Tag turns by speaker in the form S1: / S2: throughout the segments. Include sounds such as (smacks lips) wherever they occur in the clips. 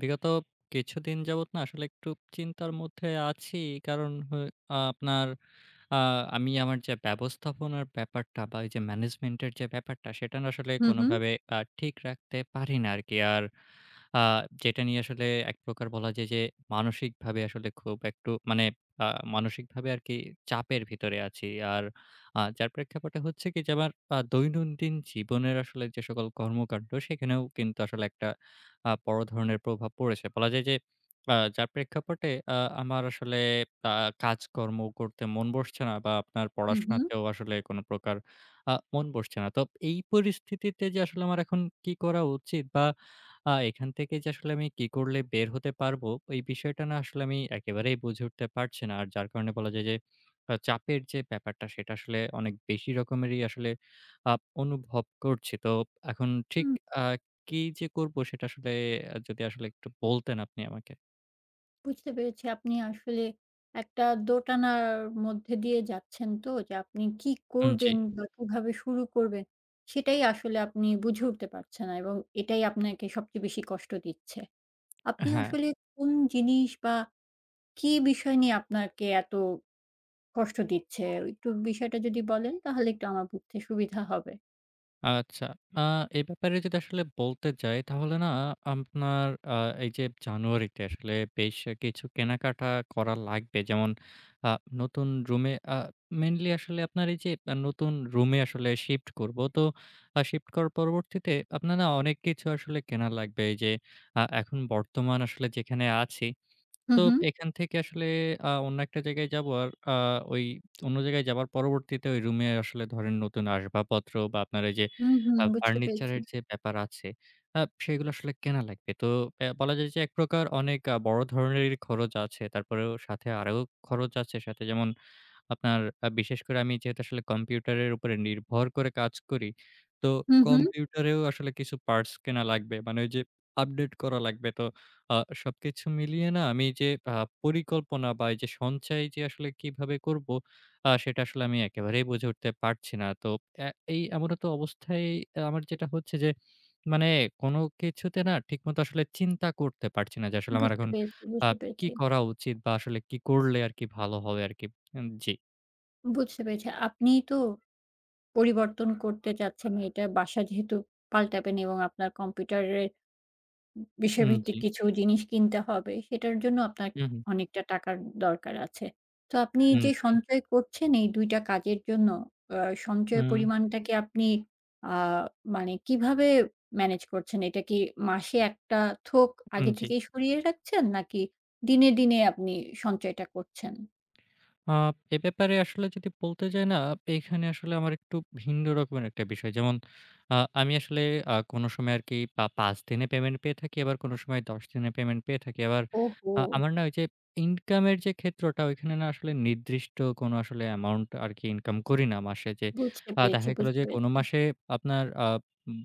S1: বিগত কিছুদিন যাবৎ না আসলে একটু চিন্তার মধ্যে আছি। কারণ হয় আপনার আ আমি আমার যা ব্যবস্থাপনার ব্যাপারটা বা এই যে ম্যানেজমেন্টের যে ব্যাপারটা সেটা না আসলে
S2: হুম, হুম।
S1: কোনোভাবে আ ঠিক রাখতে পারি না আরকি। আর আ যেটা নিয়ে আসলে একপ্রকার বলা যায় যে, মানসিকভাবে আসলে খুব একটু মানে আ মানসিকভাবে আরকি চাপের ভিতরে আছি। আর আ যার প্রেক্ষাপটে হচ্ছে কি যে আমার আ দৈনন্দিন জীবনের আসলে যে সকল কর্মকান্ড সেখানেও কিন্তু আসলে একটা আ বড় ধরনের প্রভাব পড়েছে। বলা যায় যে আ যার প্রেক্ষাপটে আ আমার আসলে আ কাজকর্ম করতে মন বসছে না বা আপনার
S2: হুম, হুম।
S1: পড়াশোনাতেও আসলে কোনপ্রকার আ মন বসছে না। তো এই পরিস্থিতিতে যে আসলে আমার এখন কী করা উচিত বা আ এখান থেকে যে আসলে আমি কী করলে বের হতে পারবো ওই বিষয়টা না আসলে আমি একেবারেই বুঝে উঠতে পারছি না। আর যার কারণে বলা যায় যে আ চাপের যে ব্যাপারটা সেটা আসলে অনেক বেশি রকমেরই আসলে আ অনুভব করছি। তো এখন ঠিক
S2: হুম।
S1: আ কি যে করব সেটা আসলে যদি আসলে একটু বলতেন আপনি আমাকে।
S2: বুঝতে পেরেছি আপনি আসলে একটা দোটানার মধ্যে দিয়ে যাচ্ছেন তো যে আপনি কি
S1: উ জি।
S2: করবেন বা কিভাবে শুরু করবেন? সেটাই আসলে আপনি বুঝে উঠতে পারছেন না এবং এটাই আপনাকে সবচেয়ে বেশি কষ্ট দিচ্ছে।
S1: এ
S2: আপনি
S1: হ্যাঁ।
S2: আসলে কোন জিনিস বা কি বিষয় নিয়ে আপনাকে এত কষ্ট দিচ্ছে? একটু বিষয়টা যদি বলেন তাহলে একটু আমার বুঝতে সুবিধা হবে।
S1: আচ্ছা। আ এ ব্যাপারে যদি আসলে বলতে যাই তাহলে না আপনার আ এই যে জানুয়ারিতে আসলে বেশ অ কিছু কেনাকাটা করা লাগবে। যেমন আ নতুন রুমে আ মেইনলি আসলে আপনার এই যে আ নতুন রুমে আসলে শিফট করবো। তো আ শিফট করার পরবর্তীতে আপনার না অনেক কিছু আসলে কেনা লাগবে এই যে আ এখন বর্তমান আসলে যেখানে আছি
S2: হু,
S1: তো
S2: হু।
S1: এখান থেকে আসলে আ অন্য একটা জায়গায় যাবো। আর আ ওই (smacks lips) অন্য জায়গায় যাবার পরবর্তীতে ওই রুমে আসলে ধরেন নতুন আসবাবপত্র বা আপনার এই যে
S2: হু হুম
S1: আ
S2: বুঝতে
S1: ফার্নিচার
S2: পেরেছি।
S1: এর যে ব্যাপার আছে, আ সেগুলো আসলে কেনা লাগবে। তো এ্যা বলা যায় যে এক প্রকার অনেক আ বড় ধরনেরই খরচ আছে। তারপরেও সাথে আরও খরচ আছে সাথে যেমন আপনার আ বিশেষ করে আমি যেহেতু আসলে কম্পিউটারের উপরে নির্ভর করে কাজ করি। তো
S2: হু, হু।
S1: কম্পিউটারেও আসলে কিছু পার্টস কেনা লাগবে। মানে ওই যে আপডেট করা লাগবে। তো আ সবকিছু মিলিয়ে না, আমি যে আ পরিকল্পনা বা এই যে সঞ্চয় যে আসলে কিভাবে করবো? আ সেটা আসলে আমি একেবারেই বুঝে উঠতে পারছি না। তো এ্যা এই এমন একটা অবস্থায় এ্যা আমার যেটা হচ্ছে যে মানে কোনো কিছুতে না, ঠিক মত আসলে চিন্তা করতে পারছি না যে, আসলে আমার
S2: বুঝতে
S1: এখন
S2: পেরেছি,
S1: আ
S2: বুঝতে
S1: কী
S2: পেরেছি।
S1: করা উচিত বা আসলে কি করলে আরকি ভালো হবে আরকি? এম জি।
S2: বুঝতে পেরেছি। আপনি তো পরিবর্তন করতে চাচ্ছেন এটা বাসা যেহেতু পাল্টাবেন এবং আপনার কম্পিউটারের ব
S1: উম, জ্বী।
S2: বিষয়ভিত্তিক কিছু জিনিস কিনতে হবে সেটার জন্য আপনার
S1: হু, হুম।
S2: (unintelligible) অনেকটা টাকার দরকার আছে। তো আপনি
S1: হুম,
S2: যে
S1: জ্বী।
S2: সঞ্চয় করছেন এই ২ টা কাজের জন্য আ সঞ্চয়
S1: উম।
S2: পরিমাণটাকে আপনি আ মানে কিভাবে ম্যানেজ করছেন? এটা কি মাসে একটা থোক
S1: হুম,
S2: আগে
S1: জ্বী।
S2: থেকেই সরিয়ে রাখছেন নাকি দিনে, দিনে আপনি সঞ্চয়টা করছেন?
S1: আ এ ব্যাপারে আসলে যদি বলতে যাই না, এইখানে আসলে আমার একটু ভিন্ন রকমের একটা বিষয়। যেমন, আ আমি আসলে আ কোনো সময় আরকি পা ৫ দিনে পেমেন্ট পেয়ে থাকি আবার কোনো সময় ১০ দিনে পেমেন্ট পেয়ে থাকি। আবার, আ
S2: ওহো!
S1: আমার না ঐ যে ইনকামের যে ক্ষেত্রটা, ঐখানে না আসলে নির্দিষ্ট কোনো আসলে এমাউন্ট আরকি ইনকাম করি না মাসে যে,
S2: বুঝতে
S1: আ
S2: পেরেছি,
S1: দেখা গেলো
S2: বুঝতে
S1: যে কোনো
S2: পেরেছি।
S1: মাসে আপনার আ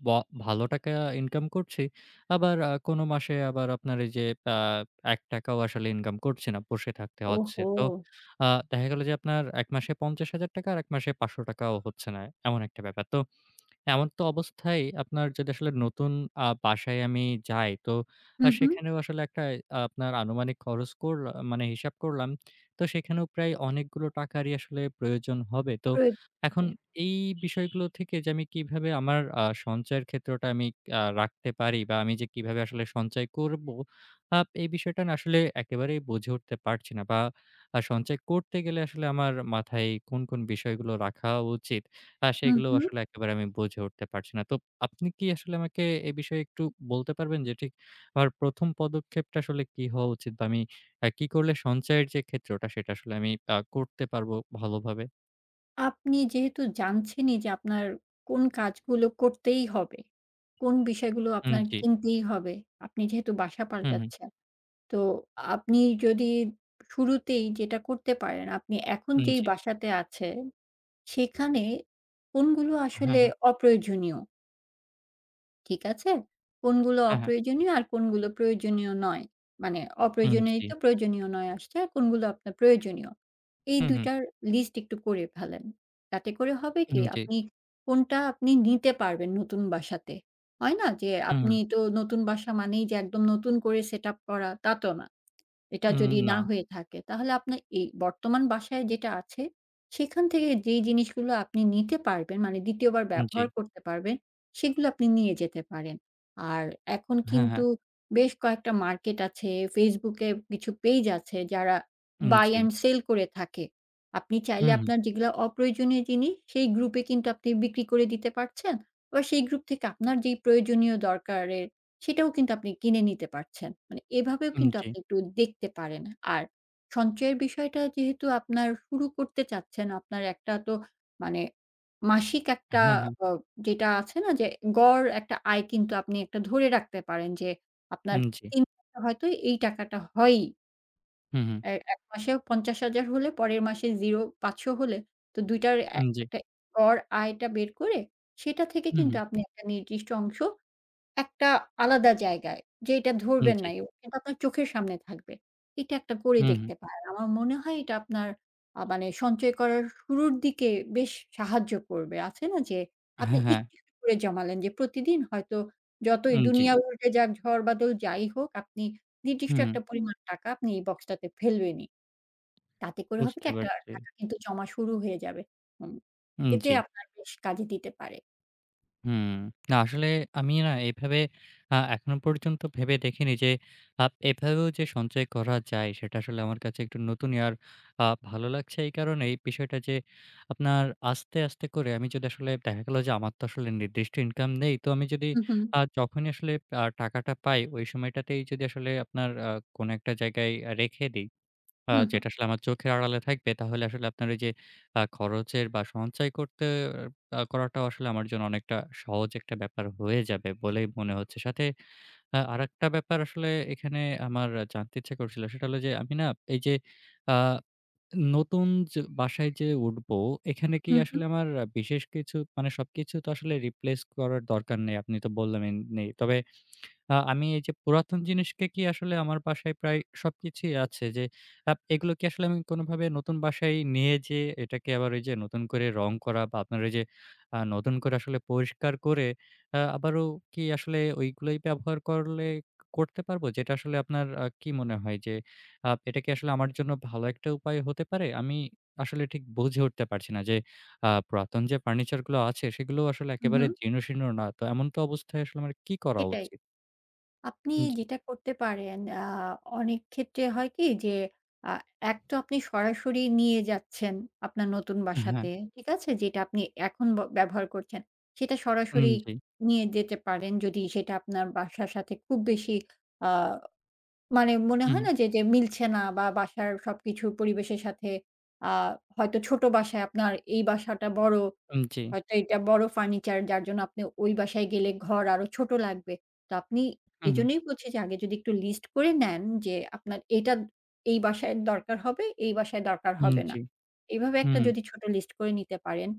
S1: ব ভালো টাকা ইনকাম করছি, আবার কোনো মাসে আবার আপনার এই যে অ্যা ১ টাকাও আসলে ইনকাম করছি না। বসে থাকতে হচ্ছে। তো
S2: ওহো!
S1: আ দেখা গেল যে, আপনার এক মাসে ৫০,০০০ টাকা আর এক মাসে ৫০০ টাকাও হচ্ছে না, এমন একটা ব্যাপার। তো এমতা অবস্থায় আপনার যেটা আসলে নতুন আ বাসায় আমি যাই তো
S2: হু, হু।
S1: সেখানেও আসলে একটা আ আপনার আনুমানিক খরচ করলা মানে হিসাব করলাম। তো সেখানেও প্রায় অনেকগুলো টাকারই আসলে প্রয়োজন হবে। তো এখন
S2: (unintelligible)
S1: এই বিষয়গুলো থেকে যে আমি কিভাবে আমার আ সঞ্চয়ের ক্ষেত্রটা আমি আ রাখতে পারি বা আমি যে কিভাবে আসলে সঞ্চয় করব। আপ এই বিষয়টা না আসলে একেবারেই বুঝে উঠতে পারছি না। বা আ সঞ্চয় করতে গেলে আসলে আমার মাথায় কোন, কোন বিষয়গুলো রাখা উচিত আ
S2: হু,
S1: সেগুলো
S2: হু।
S1: আসলে একেবারে আমি বুঝে উঠতে পারছি না। তো আপনি কি আসলে আমাকে এ বিষয়ে একটু বলতে পারবেন যে ঠিক আমার ১ম পদক্ষেপটা আসলে কী হওয়া উচিত বা আমি কি করলে সঞ্চয়ের যে ক্ষেত্রটা সেটা আসলে আমি আ করতে পারবো ভালোভাবে?
S2: আপনি যেহেতু জানছেনই যে আপনার কোন কাজগুলো করতেই হবে, কোন বিষয়গুলো
S1: উম
S2: আপনার
S1: জ্বী।
S2: কিনতেই হবে, আপনি যেহেতু বাসা
S1: হুম, হুম।
S2: পাল্টাচ্ছেন, তো আপনি যদি শুরুতেই যেটা করতে পারেন, আপনি এখন
S1: উম
S2: যেই
S1: জ্বী।
S2: বাসাতে আছে, সেখানে কোনগুলো
S1: হ্যাঁ,
S2: আসলে
S1: হ্যাঁ।
S2: অপ্রয়োজনীয় ঠিক আছে? কোনগুলো
S1: হ্যাঁ, হ্যাঁ।
S2: অপ্রয়োজনীয় আর কোনগুলো প্রয়োজনীয় নয় মানে
S1: উম
S2: অপ্রয়োজনীয়ই
S1: জ্বী।
S2: তো প্রয়োজনীয় নয় আসছে আর কোনগুলো আপনার প্রয়োজনীয়। এই
S1: হুম,
S2: ২
S1: হুম।
S2: টার লিস্ট একটু করে ফেলেন। তাতে করে হবে
S1: উম
S2: কি
S1: জী।
S2: আপনি কোনটা আপনি নিতে পারবেন নতুন বাসাতে হয় না যে
S1: হুম।
S2: আপনি তো নতুন বাসা মানেই যে একদম নতুন করে সেটআপ করা তাতো না। এটা
S1: উম
S2: যদি না
S1: না।
S2: হয়ে থাকে তাহলে আপনার এই বর্তমান বাসায় যেটা আছে সেখান থেকে যেই জিনিসগুলো আপনি নিতে পারবেন মানে ২য় বার
S1: উম জ্বী।
S2: ব্যবহার করতে পারবেন, সেগুলো আপনি নিয়ে যেতে পারেন। আর এখন
S1: হ্যাঁ, হ্যাঁ।
S2: কিন্তু বেশ কয়েকটা মার্কেট আছে Facebook এ কিছু পেইজ আছে যারা
S1: উম
S2: বাই
S1: জি।
S2: অ্যান্ড সেল করে থাকে। আপনি চাইলে
S1: হুম, হুম।
S2: আপনার যেগুলো অপ্রয়োজনীয় জিনিস সেই গ্রুপ এ কিন্তু আপনি বিক্রি করে দিতে পারছেন বা সেই গ্রুপ থেকে আপনার যে প্রয়োজনীয় দরকারের সেটাও কিন্তু আপনি কিনে নিতে পারছেন। মানে এভাবেও
S1: উম
S2: কিন্তু
S1: জ্বী।
S2: আপনি একটু দেখতে পারেন। আর সঞ্চয়ের বিষয়টা যেহেতু আপনার শুরু করতে চাচ্ছেন আপনার একটা তো মানে মাসিক
S1: আ
S2: একটা
S1: হ্যাঁ, হ্যাঁ।
S2: আ যেটা আছে না যে গড় একটা আয় কিন্তু আপনি একটা ধরে রাখতে পারেন যে আপনার
S1: উম জ্বী।
S2: (unintelligible) হয়তো এই টাকাটা হয়ই।
S1: হু, হুম।
S2: এই এক মাসেও ৫০,০০০ হলে পরের মাসে ০, ৫০০ হলে তো ২ টার অ্যা
S1: উম, জি।
S2: একটা গর আয়টা বের করে সেটা থেকে
S1: উ
S2: কিন্তু
S1: হুম।
S2: আপনি একটা নির্দিষ্ট অংশ, একটা আলাদা জায়গায় যে এটা
S1: হুম,
S2: ধরবেন
S1: জি।
S2: না, ও আপনার চোখের সামনে থাকবে। এটা একটা করে
S1: হু, হুম।
S2: দেখতে পারেন। আমার মনে হয় এটা আপনার আ মানে সঞ্চয় করার শুরুর দিকে বেশ সাহায্য করবে। আছে না যে, আপনি
S1: হ্যাঁ, হ্যাঁ।
S2: একটু, একটু করে জমালেন যে প্রতিদিন হয়তো যতই
S1: উম, জি।
S2: দুনিয়া উল্টে যাক ঝড় বাদল যাই হোক, আপনি নির্দিষ্ট
S1: হুম।
S2: একটা পরিমাণ টাকা আপনি এই বক্সটাতে ফেলবেনই। তাতে করে হবে কি?
S1: বুঝতে
S2: একটা
S1: পারছি।
S2: টাকা কিন্তু জমা শুরু হয়ে যাবে। উ
S1: উম,
S2: এতে
S1: জি।
S2: আপনার বেশ কাজে দিতে পারে।
S1: হুম। না, আসলে আমি না? এভাবে আ এখনো পর্যন্ত ভেবে দেখিনি যে, আ এভাবেও যে সঞ্চয় করা যায়, সেটা আসলে আমার কাছে একটু নতুনই আ আর ভালো লাগছে এই কারণেই বিষয়টা যে, আপনার আস্তে, আস্তে করে আমি যদি আসলে দেখা গেলো যে, আমার তো আসলে নির্দিষ্ট ইনকাম নেই। তো আমি যদি
S2: উ হুম।
S1: আ যখনই আসলে আ টাকাটা পাই, ঐ সময়টাতেই যদি আসলে আপনার আ কোনো একটা জায়গায় আ রেখে দেই। আ
S2: হু, হুম।
S1: যেটা আসলে আমার চোখের আড়ালে থাকবে তাহলে আসলে আপনার এই যে খরচের বা সঞ্চয় করতে আ করাটাও আসলে আমার জন্য অনেকটা সহজ একটা ব্যাপার হয়ে যাবে বলেই মনে হচ্ছে। সাথে আ আরেকটা ব্যাপার আসলে এখানে আমার জানতে ইচ্ছে করছিল। সেটা হলো যে আমি না? এই যে আ নতুন চে বাসায় যেয়ে উঠবো, এখানে কি
S2: হু, হু।
S1: আসলে আমার বিশেষ কিছু মানে, সবকিছু তো আসলে রিপ্লেস করার দরকার নেই। আপনি তো বললেন নেই। তবে আ আমি এই যে পুরাতন জিনিসকে কি আসলে আমার বাসায় প্রায় সবকিছুই আছে যে, আ এগুলো কি আসলে আমি কোনোভাবে নতুন বাসায় নিয়ে যেয়ে, এটাকে আবার ওই যে নতুন করে রং করা বা আপনার ঐ যে আ নতুন করে আসলে পরিষ্কার করে, আ আবারো কি আসলে ওইগুলাই ব্যবহার করলে করতে পারবো, যেটা আসলে আপনার আ কি মনে হয় যে আ এটা কি আসলে আমার জন্য ভালো একটা উপায় হতে পারে? আমি আসলে ঠিক বুঝে উঠতে পারছি না যে আ পুরাতন যে ফার্নিচারগুলো আছে সেগুলোও আসলে
S2: উ
S1: একেবারে
S2: হুম।
S1: জীর্ণশীর্ণ না। তো এমন তো অবস্থায় আসলে আমার কি করা
S2: এটাই।
S1: উচিত?
S2: আপনি
S1: উম, জি।
S2: যেটা করতে পারেন আ অনেক ক্ষেত্রে হয় কি? যে, আ এক তো আপনি সরাসরি নিয়ে যাচ্ছেন আপনার নতুন
S1: এ হ্যাঁ।
S2: বাসাতে, ঠিক আছে? যেটা আপনি এখন ব ব্যবহার করছেন, সেটা
S1: উম,
S2: সরাসরি
S1: জি।
S2: নিয়ে যেতে পারেন যদি সেটা আপনার বাসার সাথে খুব বেশি আ মানে, মনে
S1: হুম।
S2: হয় না যে যেম মিলছে না বা বাসার সবকিছু পরিবেশের সাথে আ হয়তো ছোট বাসায় আপনার এই বাসাটা বড়।
S1: উম, জি।
S2: হয়তো এটা বড়, ফার্নিচার যার জন্য আপনি ওই বাসায় গেলে ঘর আরো ছোট লাগবে। তো আপনি
S1: উ হুম।
S2: এইজন্যই বলছি যে, আগে যদি একটু লিস্ট করে নেন যে, আপনার এটা এই বাসায় দরকার হবে, এই বাসায় দরকার
S1: উম,
S2: হবে না।
S1: জি।
S2: এভাবে একটা
S1: হুম।
S2: যদি ছোট লিস্ট করে নিতে পারেন।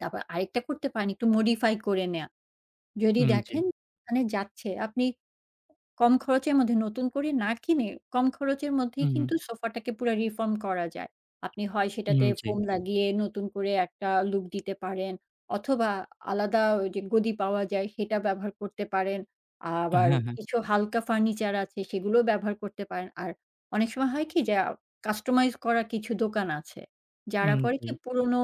S2: তারপর আরেকটা করতে পারেন একটু মডিফাই করে নেওয়া। যদি
S1: উম, জি।
S2: দেখেন মানে যাচ্ছে আপনি কম খরচের মধ্যে নতুন করে না কিনে, কম খরচের
S1: উ
S2: মধ্যেই
S1: উম।
S2: কিন্তু সোফাটাকে পুরা রিফর্ম করা যায়। আপনি হয় সেটাতে
S1: উম, জি।
S2: ফোম লাগিয়ে নতুন করে একটা লুক দিতে পারেন, অথবা আলাদা ঐ যে গদি পাওয়া যায় সেটা ব্যবহার করতে পারেন। আবার
S1: হ্যাঁ, হ্যাঁ।
S2: কিছু হালকা ফার্নিচার আছে, সেগুলোও ব্যবহার করতে পারেন। আর অনেক সময় হয় কি? যে, আ কাস্টমাইজ করা কিছু দোকান আছে। যারা
S1: উম,
S2: করে
S1: জি।
S2: কি পুরোনো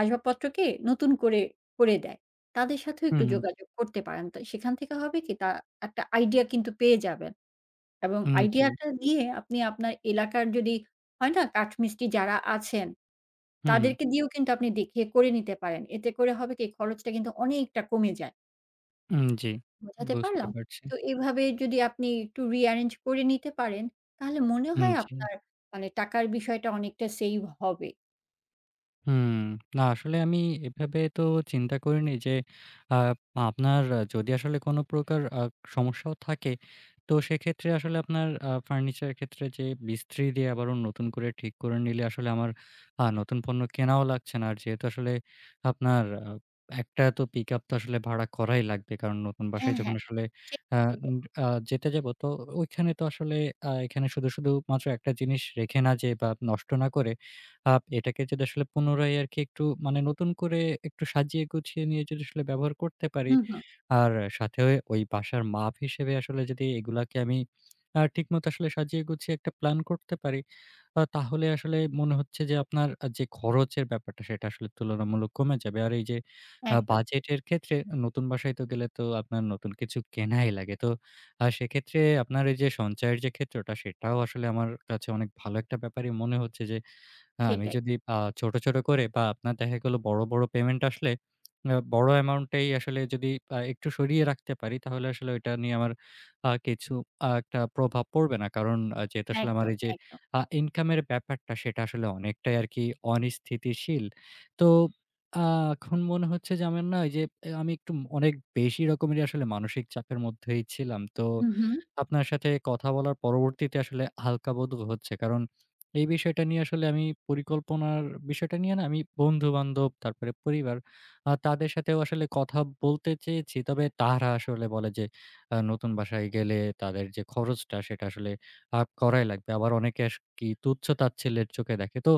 S2: আসবাবপত্রকে নতুন করে করে দেয়। তাদের সাথেও
S1: উ
S2: একটু
S1: হুম।
S2: যোগাযোগ করতে পারেন। তো সেখান থেকে হবে কি? তা একটা আইডিয়া কিন্তু পেয়ে যাবেন। এবং
S1: উম, জি।
S2: আইডিয়াটা নিয়ে আপনি আপনার এলাকার যদি, হয় না? কাঠ মিস্ত্রি যারা আছেন,
S1: উম, হুম।
S2: তাদেরকে দিয়েও কিন্তু আপনি দেখিয়ে করে নিতে পারেন। এতে করে হবে কি? এই খরচটা কিন্তু অনেকটা কমে যায়।
S1: হুম, (smacks lips) জি,
S2: বোঝাতে
S1: বুঝতে
S2: পারলাম?
S1: পারছি।
S2: তো এভাবে যদি আপনি একটু রি-এরেঞ্জ করে নিতে পারেন, তাহলে মনে
S1: হুম,
S2: হয়
S1: জি।
S2: আপনার মানে টাকার বিষয়টা অনেকটা সেইভ হবে।
S1: হুম। না (smacks lips) আসলে আমি এভাবে তো চিন্তা করিনি যে আ আপনার যদি আসলে কোন প্রকার আ সমস্যাও থাকে তো সেক্ষেত্রে আসলে আপনার আ ফার্নিচার এর ক্ষেত্রে যে মিস্ত্রি দিয়ে আবারো নতুন করে ঠিক করে নিলে আসলে আমার আ নতুন পণ্য কেনাও লাগছে না। আর যেহেতু আসলে আপনার আ একটা তো পিকআপ তো আসলে ভাড়া করাই লাগবে। কারণ নতুন বাসায়
S2: হ্যাঁ,
S1: যখন
S2: হ্যাঁ।
S1: আসলে
S2: ঠিক
S1: আ
S2: ওটাই।
S1: উম আ যেতে যাব তো ওইখানে তো আসলে আ এখানে শুধু, শুধু মাত্র একটা জিনিস রেখে না যেয়ে বা নষ্ট না করে আপ এটাকে যদি আসলে পুনরায় আরকি একটু মানে নতুন করে একটু সাজিয়ে গুছিয়ে নিয়ে যদি আসলে ব্যবহার করতে পারি।
S2: হুম, হুম।
S1: আর সাথেও ওই বাসার মাপ হিসেবে আসলে যদি এগুলাকে আমি আ ঠিকমত আসলে সাজিয়ে গুছিয়ে একটা প্ল্যান করতে পারি। আ তাহলে আসলে মনে হচ্ছে যে, আপনার আ যে খরচের ব্যাপারটা সেটা আসলে তুলনামূলক কমে যাবে। আর এই যে আ
S2: একদম।
S1: বাজেটের ক্ষেত্রে অ নতুন বাসায় তো গেলে তো আপনার নতুন কিছু কেনাই লাগে। তো আ সেক্ষেত্রে আপনার এই যে সঞ্চয়ের যে ক্ষেত্রটা সেটাও আসলে আমার কাছে অনেক ভালো একটা ব্যাপারই মনে হচ্ছে। যে আমি
S2: সেটাই।
S1: যদি আ ছোট, ছোট করে বা আপনার দেখা গেল বড়, বড় পেমেন্ট আসলে মানে বড় অ্যামাউন্টটাই আসলে যদি আ একটু সরিয়ে রাখতে পারি। তাহলে আসলে ওইটা নিয়ে আমার আ কিছু আ একটা প্রভাব পড়বে না। কারণ আ যেহেতু আসলে আমার
S2: একদম,
S1: এই যে
S2: একদম।
S1: আ ইনকাম এর ব্যাপারটা সেটা আসলে অনেকটাই আরকি অনিস্থিতিশীল। তো আ এখন মনে হচ্ছে যে আমার না এই যে আমি একটু অনেক বেশি রকমেরই আসলে মানসিক চাপের মধ্যেই ছিলাম। তো
S2: হুম, হুম।
S1: আপনার সাথে কথা বলার পরবর্তীতে আসলে হালকা বোধ হচ্ছে। কারণ এই বিষয়টা নিয়ে আসলে আমি পরিকল্পনার বিষয়টা নিয়ে না আমি বন্ধু-বান্ধব, তারপরে পরিবার আ তাদের সাথেও আসলে কথা বলতে চেয়েছি। তবে তারা আসলে বলে যে, আ নতুন বাসায় গেলে তাদের যে খরচটা সেটা আসলে আ করাই লাগবে। আবার অনেকে আস কি তুচ্ছ তাচ্ছিল্যের চোখে দেখে। তো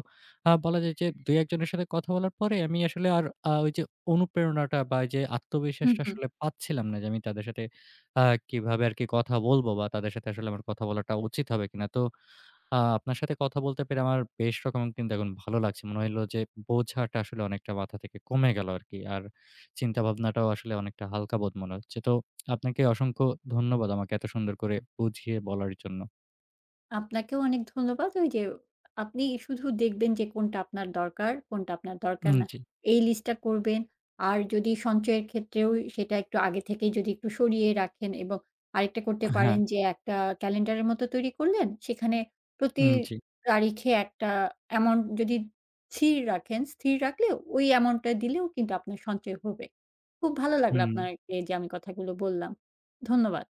S1: আ বলা যায় যে ২ ১ জনের সাথে কথা বলার পরে আমি আসলে আর আ ওই যে অনুপ্রেরণাটা বা ওইযে
S2: হুম,
S1: আত্মবিশ্বাসটা
S2: হুম।
S1: আসলে পাচ্ছিলাম না যে আমি তাদের সাথে আ কীভাবে আর কি কথা বলবো বা তাদের সাথে আসলে আমার কথা বলাটা উচিত হবে কিনা। তো আ আপনার সাথে কথা বলতে পেরে আমার বেশ রকম কিন্তু এখন ভালো লাগছে। মনে হইল যে বোঝাটা আসলে অনেকটা মাথা থেকে কমে গেল আরকি। আর চিন্তাভাবনাটাও আসলে অনেকটা হালকা বোধ মনে হচ্ছে। তো (smacks lips) আপনাকে অসংখ্য ধন্যবাদ আমাকে এত সুন্দর করে বুঝিয়ে বলার জন্য।
S2: আপনাকেও অনেক ধন্যবাদ। ওই যে আপনি শুধু দেখবেন যে কোনটা আপনার দরকার কোনটা আপনার দরকার
S1: হুম,
S2: না।
S1: জি।
S2: এই লিস্টটা করবেন আর যদি সঞ্চয়ের ক্ষেত্রেও সেটা একটু আগে থেকেই যদি একটু সরিয়ে রাখেন এবং আরেকটা করতে
S1: আ হ্যাঁ।
S2: পারেন যে একটা ক্যালেন্ডারের মতো তৈরি করলেন। সেখানে প্রতি
S1: হুম, জি।
S2: তারিখে একটা অ্যামাউন্ট যদি স্থির রাখেন স্থির রাখলেও ওই অ্যামাউন্টটা দিলেও কিন্তু আপনার সঞ্চয় হবে। খুব ভালো লাগলো
S1: হুম।
S2: আপনার এই যে আমি কথাগুলো বললাম, ধন্যবাদ।